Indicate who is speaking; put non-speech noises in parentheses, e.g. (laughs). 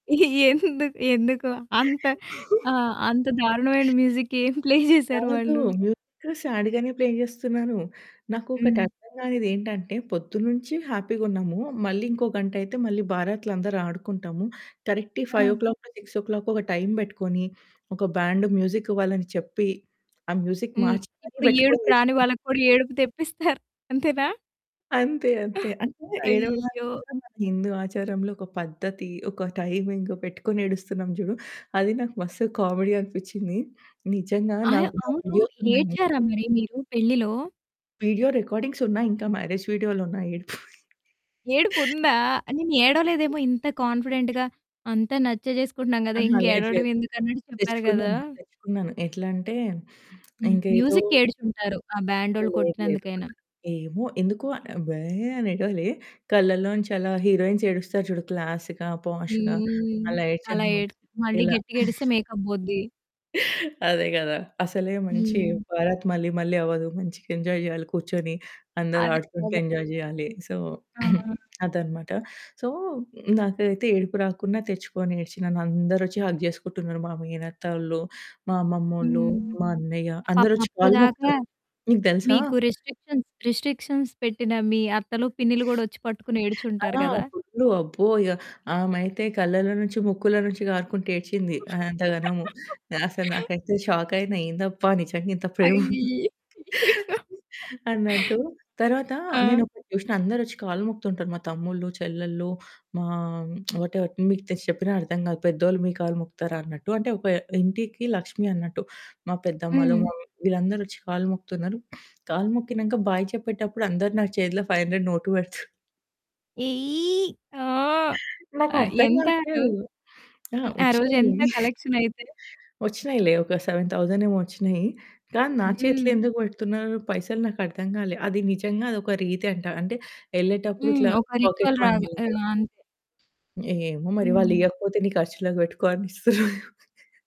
Speaker 1: ఎందుకు? ఎందుకు? అంత
Speaker 2: (chuckles)
Speaker 1: ఆహ్, అంత దారుణమైన మ్యూజిక్ ఏం ప్లే జేశారు
Speaker 2: కాదు
Speaker 1: వాళ్ళు?
Speaker 2: మ్యూజిక్ సాడ్‌గానే ప్లే జేస్తున్నాను. నాకు ఒకటి
Speaker 1: హ్మ్.
Speaker 2: అర్ధంగానిదేంటంటే పొద్దున్నుంచి హ్యాపీగా ఉన్నాము. మళ్ళీ ఇంకో గంటయితే మళ్ళీ బారాత్‌లో అందరూ ఆడుకుంటాము. కరెక్ట్
Speaker 1: ఆ!
Speaker 2: ఫైవ్ ఓ క్లాకో, సిక్స్ ఓ క్లాకో ఒక టైమ్ బెట్టుకొని ఒక బ్యాండ్ మ్యూజిక్ వాళ్లని చెప్పి ఆ మ్యూజిక్
Speaker 1: హ్మ్.
Speaker 2: మార్చి మరీ
Speaker 1: ఇప్పుడు ఏడుపు
Speaker 2: బెట్టుకొని
Speaker 1: రాని వాళ్ళకి కూడా ఏడుపు తెప్పిస్తారు. అంతేనా?
Speaker 2: అంతే, అంతే.
Speaker 1: (giggles)
Speaker 2: అంటే ఏడవడానికి
Speaker 1: అయ్యో!
Speaker 2: కూడా మన హిందూ ఆచారంలో ఒక పద్ధతి, ఒక టైమింగ్ పెట్టుకొని ఏడుస్తున్నాం జూడు, అది నాకు మస్త్ కామెడీ అనిపిచ్చింది. నిజంగా
Speaker 1: అయ్యో!
Speaker 2: నావి నా
Speaker 1: అవును.
Speaker 2: వీడియోస్ ఉన్నాయి ఇంకా.
Speaker 1: ఏడ్చారా మరి మీరు పెళ్ళిలో?
Speaker 2: వీడియో రికార్డింగ్స్ ఉన్నాయి ఇంకా మ్యారేజ్ వీడియోలున్నాయి ఏడుపుయి. (laughs)
Speaker 1: ఏడుపుందా? నేను ఏడవలేదేమో ఇంత కాన్ఫిడెంట్‌గా అంతా నచ్చే జేసుకుంటున్నాం గదా!
Speaker 2: అహా!
Speaker 1: ఇంక
Speaker 2: లేదు
Speaker 1: ఏడవడం
Speaker 2: లేదు.
Speaker 1: ఎందుకన్నట్టు చెప్పారు గదా!
Speaker 2: తెచ్చుకున్నాను. తెచ్చుకున్నాను. ఎట్లంటే
Speaker 1: హ్మ్.
Speaker 2: ఇంకేదో
Speaker 1: మ్యూజిక్‌కి ఏడ్చుంటారు. ఆ
Speaker 2: అహా!
Speaker 1: బ్యాండోళ్ళు
Speaker 2: లేదు లేదు.
Speaker 1: కొట్టినందుకైనా.
Speaker 2: ఏమో? ఎందుకో? "భే" అని ఏడవలేి. కళ్ళళ్ళోంచి అలా హీరోయిన్స్ ఏడుస్తారు చూడు క్లాస్‌గా, పోష్‌గా
Speaker 1: హ్మ్.
Speaker 2: అలా
Speaker 1: అలా
Speaker 2: ఏడ్చాననమాట.
Speaker 1: ఏడ్చి మళ్ళీ
Speaker 2: ఇలా.
Speaker 1: గట్టిగేడిస్తే
Speaker 2: (giggles)
Speaker 1: మేకప్ బోద్ది.
Speaker 2: అదే గదా! అసలే మంచి
Speaker 1: హ్మ్.
Speaker 2: బారాత్ మళ్ళీ మళ్ళీ అవ్వదు. మంచిగా ఎంజాయ్ జేయాలి కూర్చొని.
Speaker 1: అదే
Speaker 2: అందరాడుకుంటూ
Speaker 1: గదా!
Speaker 2: ఎంజాయ్ జేయాలి. సో, (clears throat)
Speaker 1: ఆ!
Speaker 2: అదనమాట. సో, నాకేదైతే ఏడుపు రాకున్నా తెచ్చుకొని ఏడ్చి నన్నందరొచ్చి హగ్ జేసుకుంటున్నారు మా మేనత్తోళ్ళు, మా అమ్మమ్మోళ్ళు,
Speaker 1: హ్మ్.
Speaker 2: మా అన్నయ్య
Speaker 1: పాపం.
Speaker 2: అందరొచ్చి
Speaker 1: అప్పుడు
Speaker 2: కాళ్ళు
Speaker 1: దాకా
Speaker 2: మొక్కుతారు. నీకు దెలుసా?
Speaker 1: మీకు రిస్ట్రిక్షన్స్, రిస్ట్రిక్షన్స్ పెట్టిన మీ అత్తలు, పిన్నీలు గూడా ఒచ్చి పట్టుకొని ఏడుచుంటారు
Speaker 2: ఆ!
Speaker 1: గదా!
Speaker 2: ఫుల్లు. అబ్బో! ఇగ ఆమైతే కళ్ళళ్ళో నుంచి, ముక్కులో నుంచి గారుకుంటా ఏడ్చింది అంత గనము. అసలు
Speaker 1: (laughs)
Speaker 2: నాకైతే షాకయినా, "ఏందబ్బా! నిజంగా ఇంత ప్రేమ ఉందా"
Speaker 1: అయి
Speaker 2: (giggles) అన్నట్టు.
Speaker 1: (laughs)
Speaker 2: తర్వాత
Speaker 1: ఆ!
Speaker 2: నేనొకటి జూషిన అందరొచ్చి కాళ్ళు మొక్కుతుంటారు. మా తమ్ముళ్ళు, చెల్లళ్ళు మా (smacks lips) వాటేవర్. మీకు తెలిసి చెప్పినా అర్థం కాదు. పెద్దోళ్ళు మీ కాళ్లు మొక్కుతారా అన్నట్టు. అంటే ఒక ఇంటికి లక్ష్మి అన్నట్టు. మా పెద్దమ్మలు,
Speaker 1: హ్మ్.
Speaker 2: మమ్మీ వీళ్ళందరొచ్చి కాళ్ళు మొక్కుతున్నారు. కాళ్ళు మొక్కినంక బాయ్ చెప్పేటప్పుడు అందరూ నా చేతిలో 500 నోటు పెడుతూ
Speaker 1: ఎయ్! ఆ! ఆ!
Speaker 2: నాకర్థం
Speaker 1: ఎంత ఆ రోజు?
Speaker 2: గాట్లేదు. ఆ!
Speaker 1: హ్మ్. ఆ రోజు
Speaker 2: ఒచ్చినయి.
Speaker 1: ఎంత
Speaker 2: (giggles)
Speaker 1: కలెక్షన్ అయితే?
Speaker 2: ఒచ్చినయిలే ఒక 7000 ఏమో ఒచ్చినయి. కానీ, నా చేతిలో
Speaker 1: హ్మ్.
Speaker 2: ఎందుకు బెడుతున్నారు పైసలు నాకర్థం గాలే. అది నిజంగా అదొక రీతి అంటా. అంటే, ఎళ్ళేటప్పుడు
Speaker 1: హ్మ్.
Speaker 2: ఇట్లా
Speaker 1: ఒక
Speaker 2: పాకెట్
Speaker 1: రిచువల్
Speaker 2: మనీ
Speaker 1: రాగా ఆ!
Speaker 2: లాగా.
Speaker 1: అంతే.
Speaker 2: ఏమో మరి!
Speaker 1: హ్మ్.
Speaker 2: వాళ్లియకపోతే నీ ఖర్చులకి బెట్టుకో అని ఇస్తుర్రేమో. (chuckles)